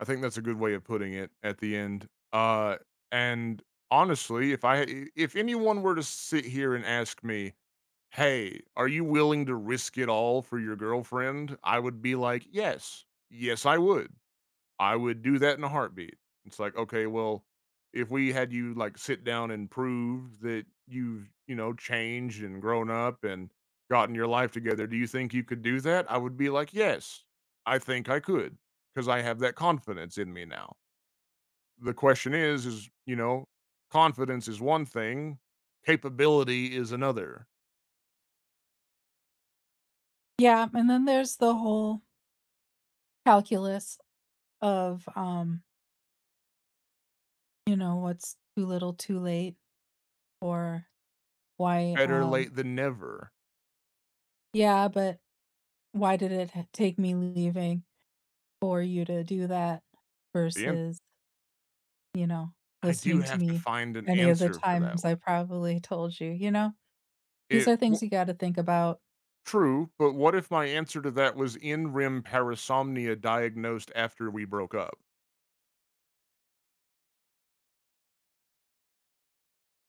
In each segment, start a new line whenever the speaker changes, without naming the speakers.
I think that's a good way of putting it at the end, uh, and honestly, if I i if anyone were to sit here and ask me, "Hey, are you willing to risk it all for your girlfriend." I would be like, "Yes, yes, I would. I would do that in a heartbeat." It's like, okay, well, if we had you like sit down, and prove that you've you know, changed and grown up and gotten your life together, "Do you think you could do that?" I would be like, "Yes." I think I could, 'cause I have that confidence in me now. The question is is you know, confidence is one thing, capability is another.
Yeah, and then there's the whole calculus of, um You know, what's too little too late, or why
Better
um
late than never.
Yeah, but why did it t take me leaving for you to do that,
And
versus You know,
I do
listening to
have to
me,
find an
any of the
answer for that
times
one.
I probably told you. You know, these
It
are
w
things you gotta think about.
True, but what if my answer to that was in REM parasomnia diagnosed after we broke up?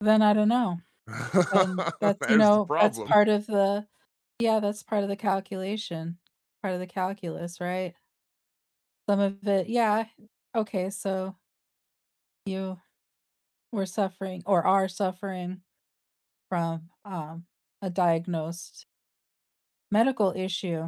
Then I don't know, and that's you
There's the
know, that's
problem.
part of the yeah, that's part of the calculation, part of the calculus, right. Some of it yeah, okay, so You we're suffering or are suffering from, um, a diagnosed medical issue.